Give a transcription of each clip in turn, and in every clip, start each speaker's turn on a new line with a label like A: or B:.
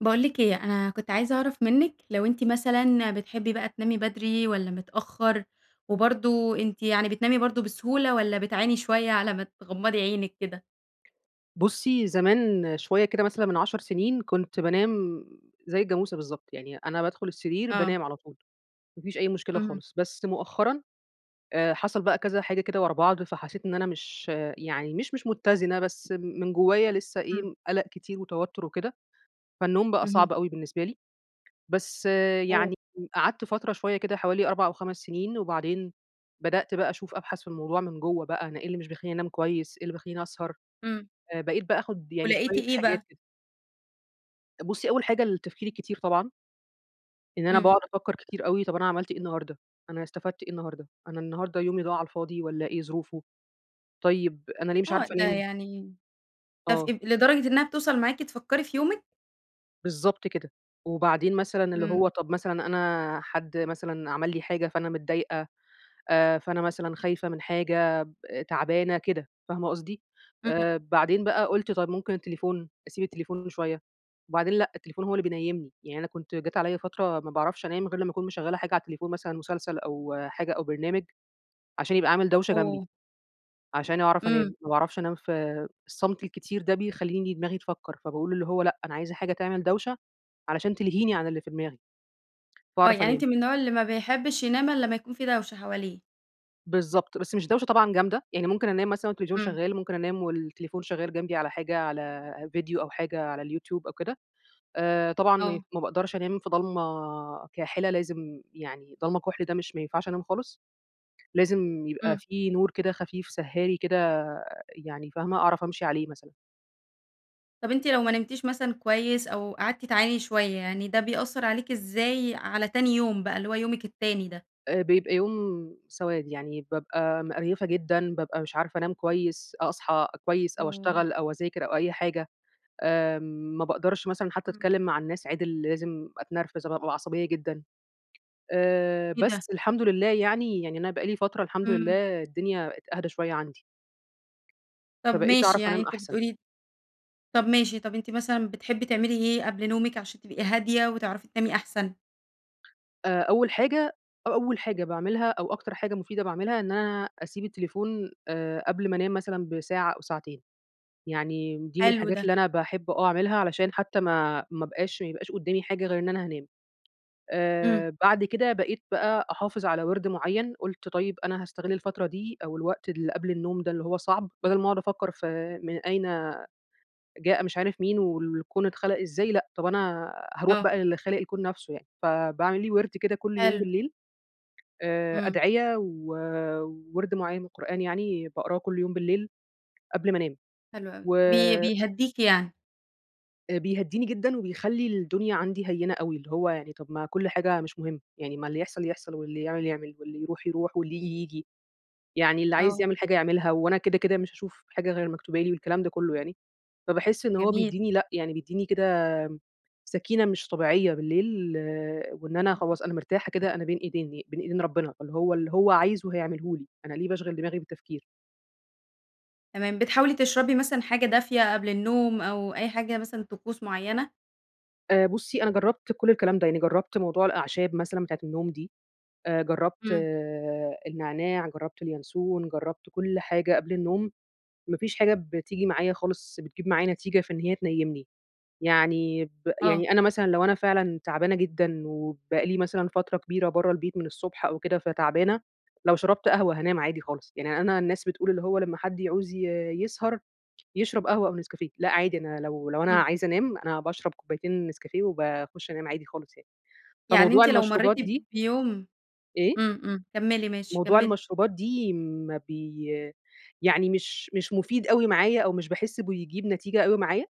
A: باقول لِك إيه، أنا كنت عايزة أعرف منِك، لو أنتِ مثلًا بتحبّي بقى تنامي بدري والّا متأخر؟ وبرضو أنتِ يعني بتنامي برضو بسهولة، والّا بتعاني شوية على ما تغمضي عينِك كده؟
B: بُصّي، زمان شوية كده مثلًا من 10 سنين كنت بانام زَي الجاموسة بالضبط، يعني أنا بادخل السرير
A: آه.
B: بانام على طول، ما فيش أي مشكلة
A: اهم.
B: خالص. بس مؤخرًا آآ حصل بقى كذا حاجة كده ورا بعض، فحسيت إن أنا مش يعني مش مش متزنة، بس من جوايا لسه
A: امم.
B: إيه، قلق كتير وتوتر وكده، فالنوم بقى
A: اهم.
B: صعب أوي بالنسبة لي. بس
A: اوه!
B: يعني قعدْت فترة شوية كده حوالي 4 أو 5 سنين، وبعدين بدأت بقى أشوف أبحث في الموضوع من جوّه بقى، أنا إيه اللي مش بيخلّيني أنام كويس إيه اللي بيخلّيني أسهر.
A: امم.
B: آآ بقيت بقى آخد يعني
A: ولقيتِ
B: شوية
A: إيه
B: حاجات
A: بقى؟
B: كده. بُصّي، أول حاجة التفكير الكتير طبعًا. إن أنا
A: امم.
B: باقعد أفكر كتير أوي، طَب أنا عملْت إيه النهارده، أنا استفدت إيه النهارده، أنا النهارده يومي ضاع على الفاضي والّا إيه ظروفه، طيب أنا ليه مش
A: آه،
B: عارفة
A: ده
B: انام؟
A: يعني تف
B: آه.
A: اب لدرجة إنها بتوصل معاكِ تفكري في يومِك؟
B: بالضبط كده، وبعدين مثلًا اللي
A: إمم.
B: هو طَب مثلًا أنا حد مثلًا عمل لي حاجة فأنا متضايقة، آآ فأنا مثلًا خايفة من حاجة ب تعبانة كده، فاهمة قصدي؟
A: إمم.
B: آآ بعدين بقى قُلت طَب ممكن التليفون أسيب التليفون شوية، وبعدين لأ، التليفون هو اللي بينيّمني، يعني أنا كنت جات عليّا فترة ما باعرفش أنام غير لما أكون مشغّلة حاجة على التليفون، مثلًا مسلسل أو حاجة أو برنامج، عشان يبقى عامل دوشة جنبي،
A: اوه!
B: عشان أعرف
A: إمم.
B: أنام، ما باعرفش أنام في الصمت الكتير ده بيخلّيني دماغي تفكر، فباقول اللي هو لأ، أنا عايزة حاجة تعمل دوشة علشان تلهيني عن اللي في دماغي،
A: آه،
B: فاعرف
A: يعني
B: أنام.
A: أنتِ من النوع اللي ما بيحبّش ينام إلا لمّا يكون في دوشة حواليه.
B: بالضبط، بس مش دوشة طبعًا جامدة، يعني ممكن أنام مثلًا والتلفزيون
A: إمم.
B: شغال، ممكن أنام والتليفون شغال جنبي على حاجة، على فيديو أو حاجة على اليوتيوب أو كده. آآ طبعًا م
A: آه.
B: ما باقدرش أنام في ضلمة كاحلة لازم يعني ضلمة كُحْل ده مش ما ينفعش أنام خالص، لازم يبقى
A: إمم.
B: في نور كده خفيف سهّاري كده يعني فاهمة، أعرف أمشي عليه مثلًا.
A: طَب أنتِ لو ما نمتيش مثلًا كويس، أو قعدتِ تعاني شوية يعني، ده بيأثر عليكِ إزاي على تاني يوم بقى، اللي هو يومِك التاني ده؟
B: آآ بيبقى يوم سواد، يعني بابقى مقرْيفة جدًا، بابقى مش عارفة أنام كويس، أ أصحى كويس، أو
A: اوه!
B: أشتغل أو أذاكر أو أي حاجة. آمم ما باقدرش مثلًا حتى
A: إمم.
B: أتكلم مع الناس عِدِل لازم أتنرفز أب بابقى عصبية جدًا. آآ
A: إيه ده؟ّ!
B: بس الحمد لله يعني، يعني أنا بقى لي فترة الحمد
A: إمم.
B: لله الدنيا بقِت أهدى شوية عندي.
A: طَب
B: فبقِيت
A: ماشي،
B: أعرف
A: يعني
B: أنام
A: أنتِ
B: أحسن.
A: بتقولي طَب ماشي، طَب أنتِ مثلًا بتحبي تعملي إيه قبل نومِك عشان تبقي هادية وتعرفي تنامي أحسن؟
B: آآ أول حاجة أ أول حاجة باعملها، أو أكتر حاجة مفيدة باعملها إن أنا أسيب التليفون آآ قبل ما أنام مثلًا بساعة أو ساعتين. يعني دي من
A: حلو
B: الحاجات
A: ده.
B: اللي أنا باحب آه، أعملها علشان حتى ما ما ابقاش ما يبقاش قدامي حاجة غير إن أنا هانام.
A: امم.
B: آآ بعد كده بقيت بقى أحافظ على وِرْد معيّن، قُلت طيب أنا هاستغل الفترة دي أو الوقت اللي قبل النوم ده اللي هو صعْب، بَدل ما أقعد أفكر في من أين جاء مش عارف مين، والكون اتخلق إزاي لأ، طَب أنا هاروح
A: آه.
B: بقى للي خالق الكون نفْسه يعني. فباعمل لي وِرْد كده كل يوم
A: حلو.
B: بالليل، آآ
A: امم.
B: أدعية ووِرْد معين من القرآن يعني، باقراه كل يوم بالليل قبل ما انام.
A: حلو أوي
B: و
A: بي بيهدِّيكِ يعني؟
B: آآ بيهدّيني جدًا وبيخلّي الدنيا عندي هينة أوي، اللي هو يعني طَب ما كُل حاجة مش مهم، يعني ما اللي يحصل يحصل، واللي يعمل يعمل، واللي يروح يروح، واللي ييجي ييجي. يعني اللي عايز
A: آه.
B: يعمل حاجة يعملها وأنا كده، كده مش هاشوف حاجة غير المكتوبة لي والكلام ده كلّه يعني. فباحس إن هو
A: جميل.
B: بيدّيني لأ، يعني بيدّيني كده سكِينة مش طبيعية بالليل، وإن أنا
A: [unintelligible]
B: خلاص أنا مرتاحة كده، أنا بين إيدين بين إيدين ربنا، اللي هو اللي هو عايزه هيعمله لي، أنا ليه باشغل دماغي بالتفكير.
A: تمام بتحاولي تشربي مثلًا حاجة دافية قبل النوم أو أي حاجة مثلًا طقوس معينة؟
B: آآ بُصي أنا جربت كل الكلام ده، يعني جربت موضوع الأعشاب مثلًا بتاعة النوم دي، آآ جربت
A: امم.
B: النعناع، جربت اليانسون، جربت كل حاجة قبل النوم، ما فيش حاجة بتيجي معايا خالص بتجيب معايا نتيجة في إن هي تنيمني. يعني ب
A: آه.
B: يعني أنا مثلًا لو أنا فعلًا تعبانة جدًا وبقى لي مثلًا فترة كبيرة برّه البيت من الصبح أو كده فتعبانة، لو شربت قهوة هانام عادي خالص. يعني أنا الناس بتقول اللي هو لما حد يعوز ي يسهر يشرب قهوة أو نسكافيه لأ، عادي أنا لو لو أنا
A: امم.
B: عايزة أنام أنا باشرب كوبايتين نسكافيه وباخش أنام عادي خالص يعني.
A: يعني
B: فموضوع
A: أنتِ لو مريتِ
B: المشروبات دي
A: بيوم
B: إيه؟
A: امم، امم كملي ماشي،
B: موضوع
A: كملي.
B: المشروبات دي ما بي يعني مش مش مفيد أوي معايا أو مش باحس بيجيب نتيجة أوي معايا.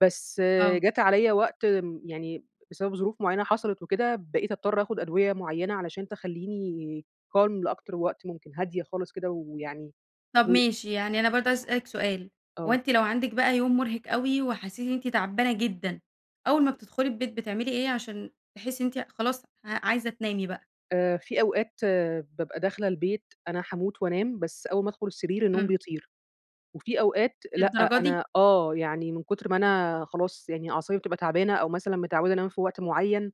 B: بس
A: آه.
B: جات عليَّ وقت، امم، يعني بسبب ظروف معينة حصلت وكده، بقيت أضطر آخد أدوية معينة علشان تخليني calm لأكتر وقت ممكن هادية خالص كده ويعني
A: طب
B: و
A: ماشي يعني أنا برضه عايزة أسألِك سؤال، هو
B: آه.
A: أنتِ لو عندك بقى يوم مرهق أوي، وحسيتِ إن أنتِ تعبانة جدًا أول ما بتدخلي البيت بتعملي إيه عشان تحسي إن أنتِ خلاص ع عايزة تنامي بقى؟
B: آآ في أوقات بابقى داخلة البيت أنا هاموت وأنام بس أول ما أدخل السرير النوم
A: امم.
B: بيطير. وفي أوقات لأ،
A: للدرجة دي؟
B: أنا آه يعني من كتر ما أنا خلاص يعني أعصابي بتبقى تعبانة أو مثلًا متعودة أنام في وقت معين،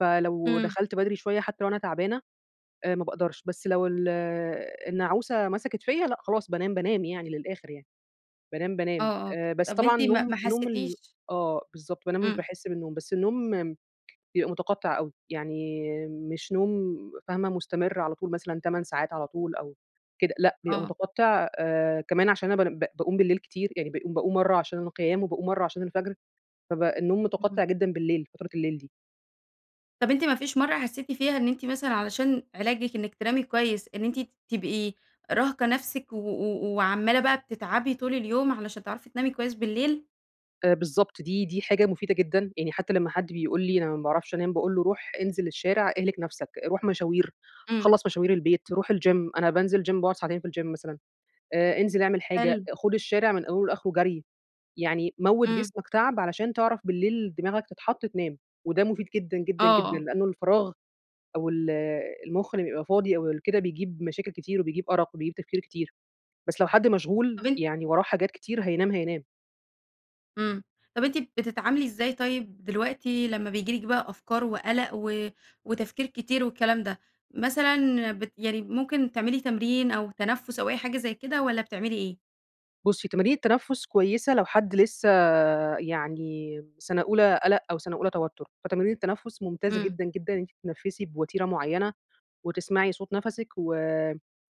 B: فلو
A: امم.
B: دخلت بدري شوية حتى لو أنا تعبانة آآ ما باقدرش، بس لو ال النعوسة مسكت فيَّ لأ، خلاص بانام، بانام يعني للآخر يعني. بانام، بانام.
A: آه، آه
B: آآ بس
A: طب
B: طبعًا
A: أنتِ ما
B: نوم
A: ما
B: نوم ال
A: حسيتيش
B: آه بالضبط بانام مش
A: امم.
B: باحس بالنوم بس النوم بيبقى متقطع أوي يعني مش نوم فاهمة مستمر على طول مثلًا 8 ساعات على طول أو كده لأ، بيبقى
A: آه.
B: متقطع آآ كمان عشان أنا بان باقوم بالليل كتير يعني باقوم باقوم مرّة عشان القيام، وباقوم مرّة عشان الفجر فبقى النوم
A: امم.
B: متقطع جدًا بالليل، فترة الليل دي.
A: طب أنتِ ما فيش مرّة حسيتِ فيها إن أنتِ مثلًا علشان علاجِك إنِك تنامي كويس، إن أنتِ ت تبقي راهقة نفسِك و و وعمالة بقى بتتعبي طول اليوم، علشان تعرفي تنامي كويس بالليل؟
B: آآ، بالضبط دي دي حاجة مفيدة جدًا، يعني حتى لمّا حد بيقول لي أنا ما باعرفش أنام، باقول له: "روح انزل الشارع اهلِك نفسَك، روح مشاوير،
A: إمم.
B: خلّص مشاوير البيت، روح الgym، أنا بانزل gym باقعد ساعتين في الgym مثلًا. آآ، انزل اعمل حاجة،
A: حلو.
B: خد الشارع من أوله لآخره جري، يعني موّت
A: إمم.
B: جسمَك تعب علشان تعرف بالليل دماغَك تتحط تنام." وده مفيد جدًا، جدًا، جدًا
A: آه.
B: لأنه الفراغ أو ال المخ لمّا بيبقى فاضي أو ال كده بيجيب مشاكل كتير وبيجيب أرق وبيجيب تفكير كتير. بس لو حد مشغول،
A: طب أن
B: يعني وراه حاجات كتير، هينام، هينام.
A: إمم، طب أنتِ بتتعاملي إزاي طيب دلوقتي لمّا بييجي لِك بقى أفكار وقلق و وتفكير كتير والكلام ده؟ مثلًا بت يعني ممكن تعملي تمرين أو تنفس أو أي حاجة زي كده، والّا بتعملي إيه؟
B: بُصّي، تمارين التنفس كويسة لو حد لسه يعني سنة أولى قلق أو سنة أولى توتر، فتمارين التنفس ممتازة
A: إمم.
B: جدًا، جدًا إن أنتِ تتنفسي بوتيرة معينة وتسمعي صوت نفَسِك و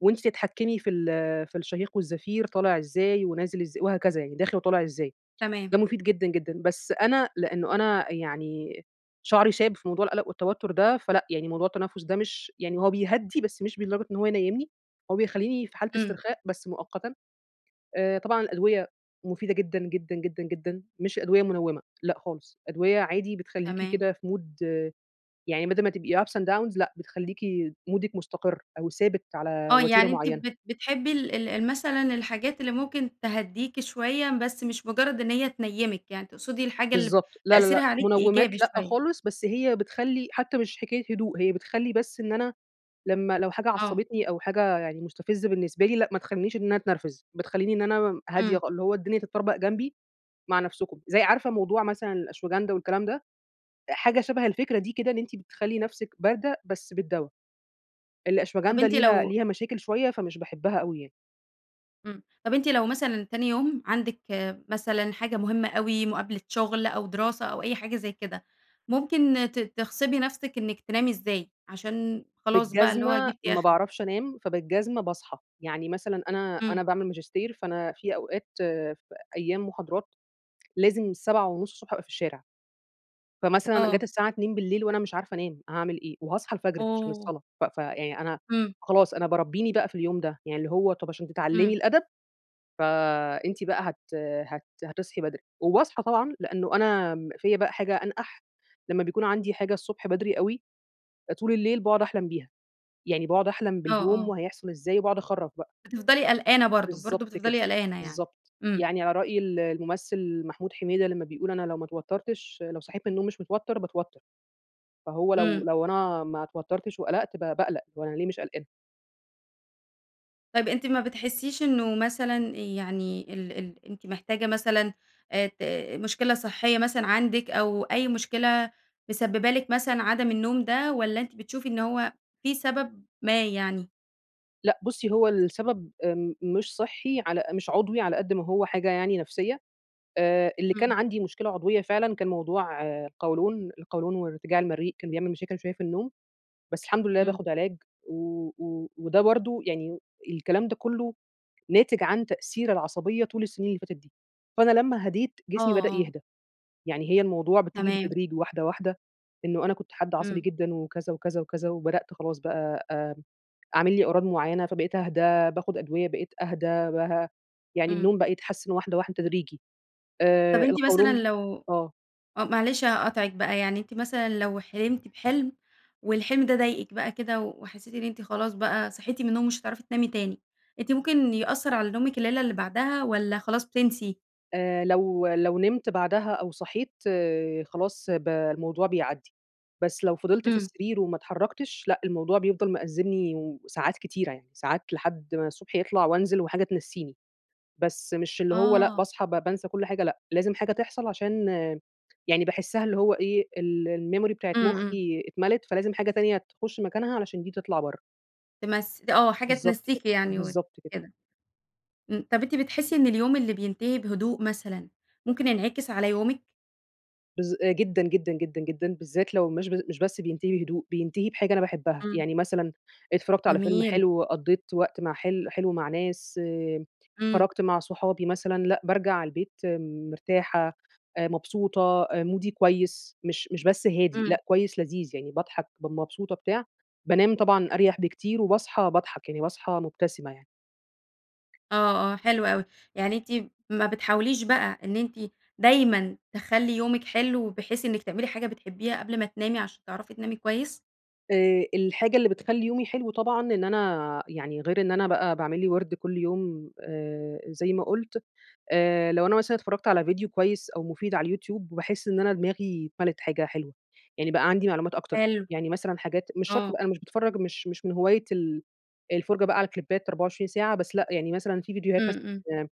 B: وأنتِ تتحكمي في ال في الشهيق والزفير، طالع إزاي ونازل إزاي وهكذا، يعني داخل وطالع إزاي.
A: تمام.
B: ده مفيد جدًا، جدًا. بس أنا لأنه أنا يعني شعري شاب في موضوع القلق والتوتر ده، فلأ يعني موضوع التنفس ده مش يعني هو بيهدي بس مش لدرجة إن هو ينيّمني، هو بيخلّيني في حالة
A: إمم.
B: استرخاء بس مؤقتًا. آآ، طبعًا الأدوية مفيدة جدًا، جدًا، جدًا، جدًا، مش أدوية منوِّمة، لأ خالص، أدوية عادي بتخلّيكِ
A: تمام.
B: كده في mood يعني بدل ما تبقي ups and downs لأ بتخليكِ مودِك مستقر أو ثابت على
A: آه،
B: وتيرة
A: يعني أنتِ
B: معينة.
A: بت بتحبي ال ال ال مثلًا الحاجات اللي ممكن تهديكِ شوية بس مش مجرد إن هي تنيمِك، يعني تقصدي الحاجة اللي ب
B: بالضبط. لا، لا،
A: تأثيرها
B: لأ،
A: عليكِ إيجابي
B: منومات لأ
A: شوية.
B: خالص، بس هي بتخلّي حتى مش حكاية هدوء، هي بتخلّي بس إن أنا لمّا لو حاجة
A: آه.
B: عصبتني أو حاجة يعني مستفزة بالنسبة لي لأ، ما تخلينيش إن أنا اتنرفز، بتخليني إن أنا مم هادية
A: إمم.
B: خال اللي هو الدنيا تتطربق جنبي، مع نفسكم. زي عارفة موضوع مثلًا الأشواجندا والكلام ده؟ حاجة شَبه الفكرة دي كده إن أنتِ بتخلّي نفسِك باردة، بس بالدوا.
A: طب
B: الأشواجندا
A: أنتِ
B: ليها
A: لو
B: ليها مشاكل شوية، فمش باحبها أوي يعني.
A: امم. طَب أنتِ لو مثلًا تاني يوم عندِك مثلًا حاجة مهمة أوي، مقابلة شغل أو دراسة أو أي حاجة زَي كده، ممكن ت تغصبي نفسِك إنِك تنامي إزاي عشان خلاص بقى اللي هو
B: بالجزمة
A: جبتِ
B: ما
A: آخرِك؟
B: باعرفش أنام، فبالجزمة باصحى. يعني مثلًا أنا
A: امم.
B: أنا باعمل ماجستير، فأنا في أوقات فأيام محاضرات لازم 7:30 ص أبقى في الشارع. فمثلًا
A: آه.
B: جات الساعة 02:00 وأنا مش عارفة أنام هاعمل إيه، وهاصحى الفجر عشان
A: أوه!
B: الصلاة ف فيعني أنا
A: امم.
B: خلاص أنا باربّيني بقى في اليوم ده، يعني اللي هو طَب عشان تتعلّمي
A: امم.
B: الأدب فأنتِ بقى هت هت هتصحي بدري. وباصحى طبعًا، لأنه أنا آمم فيّا بقى حاجة أنقَح، لمّا بيكون عندي حاجة الصبح بدري أوي، طول الليل باقعد أحلم بيها. يعني باقعد أحلم
A: آه،
B: باليوم
A: آه.
B: وهيحصل إزاي وباقعد اخرّف بقى.
A: بتفْضلي قلقانة برضو، برضو
B: بالضبط كده،
A: بتفْضلي قلقانة يعني.
B: بالضبط.
A: امم.
B: يعني على رأي ال الممثل محمود حميدة لما بيقول: "أنا لو ما اتوتّرتش لو صحيت من النوم مش متوتر باتوتّر." فهو لو
A: امم.
B: لو أنا ما اتوتّرتش وقلقْت ب باقلق، هو أنا ليه مش قلقانة؟
A: طَب أنتِ ما بتحسّيش إنه مثلًا يعني ال ال أنتِ محتاجة مثلًا آآ ت مشكلة صحية مثلًا عندِك، أو أي مشكلة مسببة لِك مثلًا عدم النوم ده، والّا أنتِ بتشوفي إن هو في سبب ما يعني؟
B: لأ، بُصّي، هو السبب آمم مش صحّي على مش عضوي على قد ما هو حاجة يعني نفسية. آآ اللي كان
A: إمم.
B: عندي مشكلة عضوية فعلًا كان موضوع القولون، القولون وارتجاع المريء كان بيعمل مشاكل شوية في النوم، بس الحمد لله
A: امم.
B: باخد علاج، و و وده برضه يعني الكلام ده كلّه ناتج عن تأثير العصبية طول السنين اللي فاتت دي. فأنا لما هدِيت
A: آه،
B: جسمي بدأ
A: آه.
B: يهدى. يعني هي الموضوع بتيجي
A: تمام.
B: بالتدريج واحدة، واحدة، إنه أنا كنت حد عصبي
A: امم.
B: جدًا، وكذا، وكذا، وكذا، وبدأت خلاص بقى آمم عامل لي أعراض معينة فبقيت اهدى، باخد أدوية بقيت اهدى بها يعني
A: امم.
B: النوم بقى يتحسن واحدة، واحدة تدريجي.
A: طَب
B: آآ
A: أنتِ مثلًا
B: القولون
A: لو
B: آه.
A: آه، معلش هاقاطعِك بقى، يعني أنتِ مثلًا لو حلمتِ بحلْم، والحلم ده ضايقِك بقى كده وحسيتِ إن أنتِ خلاص بقى صحيتِ من النوم ومش هتعرفي تنامي تاني، أنتِ ممكن يأثّر على نومِك الليلة اللي بعدها، والّا خلاص بتنسي؟
B: آآ لو لو نِمت بعدها أو صحيت خلاص ب الموضوع بيعدّي. بس لو فضلْت في
A: امم.
B: السرير وما اتحركْتش لأ، الموضوع بيفضل مأزمني وساعات كتيرة يعني، ساعات لحد ما الصبح يطلع وأنزل وحاجة تنسّيني. بس مش اللي هو لأ،
A: آه.
B: باصحى ب بانسى كل حاجة لأ، لازم حاجة تحصل عشان يعني باحسّها اللي هو إيه، ال الmemory بتاعة
A: امم، امم.
B: مخي اتملِت، فلازم حاجة تانية تخش مكانها علشان دي تطلع بره.
A: تمس ت آه، حاجة
B: بالضبط كده،
A: تنسّيكِ يعني وت
B: بالضبط كده.
A: كده. امم، طَب أنتِ بتحسّي إن اليوم اللي بينتهي بهدوء مثلًا، ممكن ينعكس على يومِك؟
B: بالذ آآ جدًا، جدًا، جدًا، جدًا، بالذات لو مش ب مش بس بينتهي بهدوء، بينتهي بحاجة أنا باحبها.
A: إمم.
B: يعني مثلًا، اتفرّجْت على فيلم
A: جميل.
B: حلو، قضّيت وقت مع حل حلو مع ناس،
A: إمم.
B: خرجْت مع صحابي مثلًا، لأ، بارجع البيت مرتاحة، آآ مبسوطة، آآ مُودي كويس، مش مش بس هادي
A: إمم.
B: لأ، كويس لذيذ، يعني باضحك ب مبسوطة بتاع، بانام طبعًا أريَح بكتير، وباصحي باضحك، يعني باصحي مُبتسمة يعني.
A: آه، آه، حلو أوي. يعني أنتِ ما بتحاوليش بقى إن أنتِ دايمًا تخلّي يومِك حلو، بحيث إنِك تعملي حاجة بتحبيها قبل ما تنامي عشان تعرفي تنامي كويس؟
B: آآ الحاجة اللي بتخلّي يومي حلو طبعًا إن أنا يعني غير إن أنا بقى باعمل لي وِرْد كُل يوم آآ زي ما قُلت، آآ لو أنا مثلًا اتفرّجْت على فيديو كويس أو مفيد على اليوتيوب، باحس إن أنا دماغي اتملِت حاجة حاجة حلوة، يعني بقى عندي معلومات أكتر.
A: حلو.
B: يعني مثلًا حاجات مش شرط
A: آه.
B: بقى أنا مش باتفرج مش مش من هواية ال الفُرجة بقى على كليبّات 24 ساعة بس لأ، يعني مثلًا في فيديوهات
A: إمم،
B: مثلًا
A: إمم.
B: آآ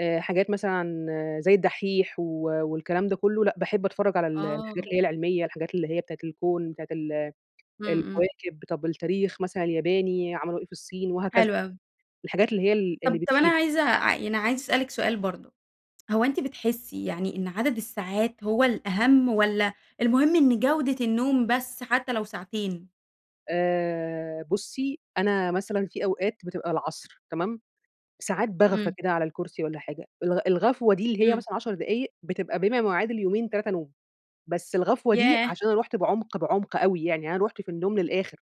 B: آآ حاجات مثلًا عن زَي الدحّيح و والكلام ده كله، لأ، باحب أتفرج على ال الحاجات
A: آه.
B: اللي هي العلمية، الحاجات اللي هي بتاعة الكون، بتاعة ال
A: إمم، إمم.
B: الكواكب طَب التاريخ مثلًا الياباني، عملوا إيه في الصين، وهكذا
A: حلو أوي.
B: الحاجات اللي هي ال اللي
A: طَب طَب أنا
B: بتفيد.
A: عايزة ع يعني عايزة أسألِك سؤال برضه، هو أنتِ بتحسّي يعني إن عدد الساعات هو الأهم، والّا المهم إن جوْدة النوم بس حتى لو ساعتين؟
B: آآ، بُصّي أنا مثلًا في أوقات بتبقى العصر، تمام، ساعات باغفى
A: امم.
B: كده على الكرسي والّا حاجة الغ الغفوة دي اللي هي
A: امم.
B: مثلًا 10 دقايق بتبقى بما يعادل يومين، 3 نوم. بس الغفوة دي
A: ياه!
B: عشان أنا رُحت بعمق، بعمق أوي يعني أنا رُحت في النوم للآخر.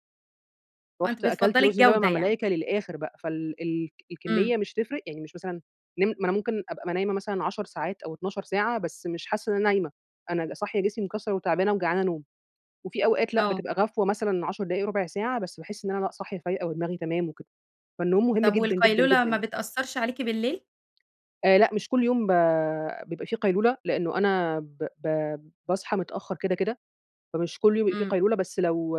A: آه، أنتِ
B: رُحت أكلت
A: بتفضَّلي
B: رز باللبن
A: الجودة
B: مع
A: يعني؟
B: الملايكة للآخر بقى، فال ال
A: امم.
B: الكمية مش هتفرق يعني مش مثلًا نم ما أنا ممكن أبقى م نايمة مثلًا 10 ساعات أو 12 ساعة بس مش حاسة إن أنا نايمة. أنا صاحية جسمي مكسر وتعبانة وجعانة نوم وفي أوقات لأ
A: آه.
B: بتبقى غفوة مثلًا 10 دقايق ربع ساعة بس باحس إن أنا لأ صاحية فايقة ودماغي تمام وكده. فالنوم مهم
A: طب،
B: جدًا، جدًا،
A: والقيلولة ما
B: جدًا.
A: بتأثرش عليكِ بالليل؟
B: آآ لأ، مش كل يوم ب بيبقى في قيلولة لأنه أنا ب ب باصحى متأخر كده، كده، فمش كل يوم بيبقى في
A: امم.
B: قيلولة بس لو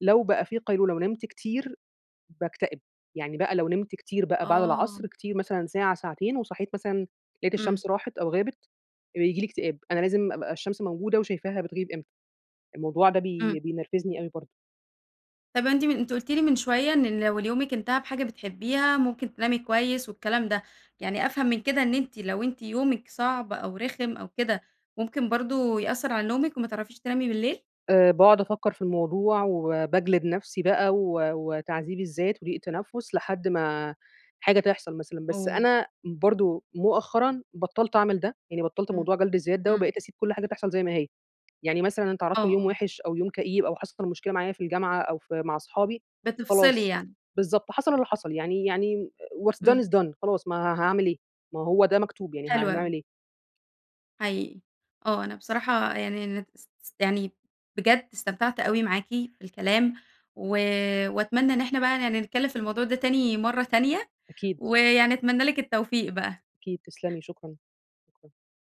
B: لو بقى في قيلولة ونمت كتير باكتئب، يعني بقى لو نمت كتير بقى بعد
A: آه.
B: العصر كتير مثلًا ساعة ساعتين، وصحيت مثلًا لاقيت
A: امم.
B: الشمس راحت أو غابت، بييجي لي اكتئاب، أنا لازم أبقى الشمس موجودة وشايفاها بتغيب إمتى. الموضوع ده
A: امم.
B: بي بينرفزني أوي برضه.
A: طب أنتِ من أنتِ قلتِ لي من شوية إن لو ال يومك انتهى بحاجة بتحبيها ممكن تنامي كويس والكلام ده، يعني أفهم من كده إن أنتِ لو أنتِ يومك صعب أو رخم أو كده ممكن برضه يأثر على نومك وما تعرفيش تنامي بالليل؟
B: آآ، باقعد أفكر في الموضوع، وباجلد نفسي بقى و وتعذيب الذات وضيق تنفُّس لحد ما حاجة تحصل مثلًا، بس
A: oh
B: أنا برضه مؤخرًا بطلت أعمل ده يعني بطلت
A: امم،
B: موضوع جلد الذات ده
A: امم.
B: وبقيت أسيب كل حاجة تحصل زي ما هي. يعني مثلًا أنا
A: آه،
B: اتعرضت ليوم
A: آه.
B: وحش أو يوم كئيب، أو حصل مشكلة معايا في الجامعة أو في مع اصحابي،
A: بتفصلي
B: خلاص،
A: يعني
B: بالضبط، حصل اللي حصل يعني يعني what done
A: امم.
B: is done خلاص ما ها هاعمل إيه ما هو ده مكتوب، يعني
A: حلو
B: هنعمل
A: أوي.
B: إيه؟
A: حقيقي. آه، أنا بصراحة يعني أنا اس اس يعني بجد استمتعت أوي معاكِ في الكلام، و وأتمنى إن إحنا بقى يعني نتكلم في الموضوع ده تاني مرّة تانية،
B: أكيد.
A: ويعني أتمنى لِك التوفيق بقى.
B: أكيد تسلمي شكرًا. [unintelligible]